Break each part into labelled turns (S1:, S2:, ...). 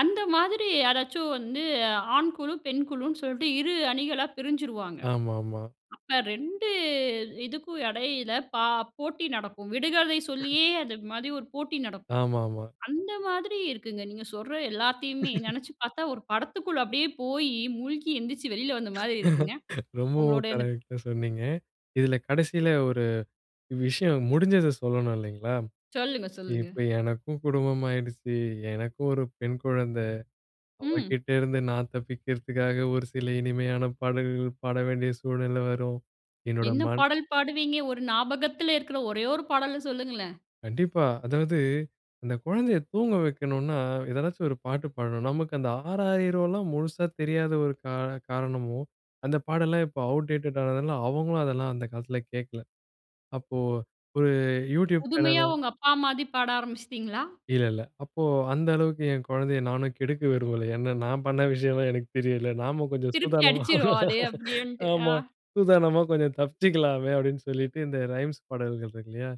S1: அந்த மாதிரி யாராச்சும் வந்து ஆண் குழு, பெண் குழுன்னு சொல்லிட்டு 2 அணிகளா பிரிஞ்சிருவாங்க.
S2: ஆமா, ஆமா.
S1: அப்ப 2 இதுக்கும் இடையில பா போட்டி நடக்கும். விடுகதை சொல்லியே அதுமாரி ஒரு போட்டி நடக்கும்.
S2: ஆமா, ஆமா.
S1: அந்த மாதிரி இருக்குங்க. நீங்க சொல்ற எல்லாத்தையுமே நினைச்சு பார்த்தா, ஒரு படத்துக்குள்ள அப்பிடியே போய், மூழ்கி எழுந்திரிச்சு வெளில வந்த மாதிரி இருக்குங்க.
S2: ரொம்பவும்
S1: உங்களுடைய அந்த
S2: கரெக்ட்டா சொன்னீங்க. இதில கடைசில ஒரு விஷயம் முடிஞ்சத சொல்லணும் இல்லேங்களா!
S1: சொல்லுங்க, சொல்லுங்க.
S2: இப்ப எனக்கும் குடும்பம் ஆகிடுச்சு. எனக்கும் ஒரு பெண் குழந்தை.
S1: ம்.
S2: அவகிட்ட இருந்து நான் தப்பிக்கிறதுக்காக ஒரு சில இனிமையான பாடல்கள் பாட வேண்டிய சூழ்நிலை வரும். என்னோட
S1: என்ன
S2: மண்
S1: பாடல் பாடுவீங்க? ஒரு ஞாபகத்தில இருக்கிற ஒரே ஒரு பாடல சொல்லுங்களேன்!
S2: கண்டிப்பா. அதாவது அந்த குழந்தைய தூங்க வைக்கணுன்னா, எதனாச்சும் ஒரு பாட்டு பாடணும். நமக்கு அந்த ஆராரிலோம் முழுசா தெரியாத ஒரு கா காரணமோ! அந்த பாடெல்லாம் இப்போ அவுட் டேட்டடா ஆனதுனால, அவுங்களும் அதெல்லாம் அந்த காலத்தில கேட்கல. அப்போ ஒரு YouTube சேனல
S1: புதுமையா உங்க அப்பாமாரி பாட ஆரம்பிச்சிட்டீங்களா?
S2: இல்ல, இல்ல. அப்போ அந்த அளவுக்கு என் குழந்தைய நானும் கெடுக்க விரும்பல. ஏன்னா, நான் பண்ண விஷயம்லாம் எனக்கு தெரியும்ல. நாம கொஞ்சம்
S1: திருப்பி
S2: சூதானமா
S1: அடிச்சிருவா! அதே அப்பிடியேன்ட்டு, ஆ.
S2: ஆமா. சூதானமா கொஞ்சம் தப்பிச்சிக்கலாமே! அப்பிடின்னு சொல்லிட்டு, இந்த ரைம்ஸ் பாடல்கள் இருக்கு இல்லயா!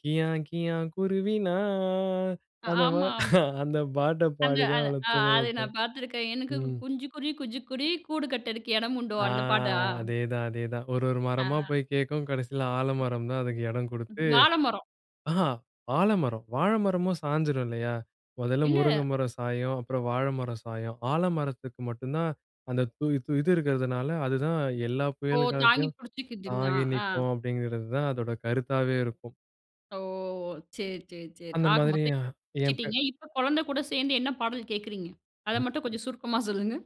S2: "கியா! கியா! குருவி நான்"
S1: அ,
S2: அந்த மா
S1: ஆமா, ஆமா.
S2: அந்த பாட்ட
S1: அந்த, அ
S2: பாடிதான், அவள
S1: அ
S2: தூங்க
S1: அத
S2: வைப்பேன்.
S1: நான் பார்த்துருக்கேன். எனக்கு
S2: ம்.
S1: குஞ்சிக்குருவி, குஞ்சிக்குருவி கூடு கட்டதுக்கு இடம் உண்டோ!
S2: ஆ,
S1: அந்த பாட்டா?
S2: அதேதான், அதேதான். ஒரு, ஒரு மரமா
S1: ஆ.
S2: போய் கேட்கும் கடைசில ஆலமரம் தான் அதுக்கு இடம் கொடுத்து
S1: வாழை மரம்.
S2: ஆஹா! ஆலமரம், வாழை மரமும் சாஞ்சிரும் இல்லயா? முதல்ல முருங்கை
S1: இல்ல.
S2: மரம் சாயும், அப்புறம் வாழை மரம் சாயும். ஆலமரத்தக்கு மட்டும் தான், அந்த து து இது இருக்கிறதுனால அதுதான் எல்லா
S1: ஓ!
S2: புயல்
S1: தாங்கி
S2: காலத்தையும்
S1: பிடிச்சிக்குதுன்னா!
S2: தாங்கி
S1: ஆ.
S2: நிக்கும், அப்பிடிங்கிறதுதான் அதோட கருத்தாவே இருக்கும்.
S1: ஓ! சரி, சரி, சரி.
S2: அந்த
S1: ஆக மொத்தம்
S2: மாதிரியா,
S1: [unintelligible]
S2: என் பெ
S1: வச்சிட்டீங்க. இப்ப குழந்தை கூட சேர்ந்து என்ன பாடல் கேட்குறீங்க? அத
S2: ம்.
S1: மட்டும் கொஞ்சம் சுருக்கமா சொல்லுங்க!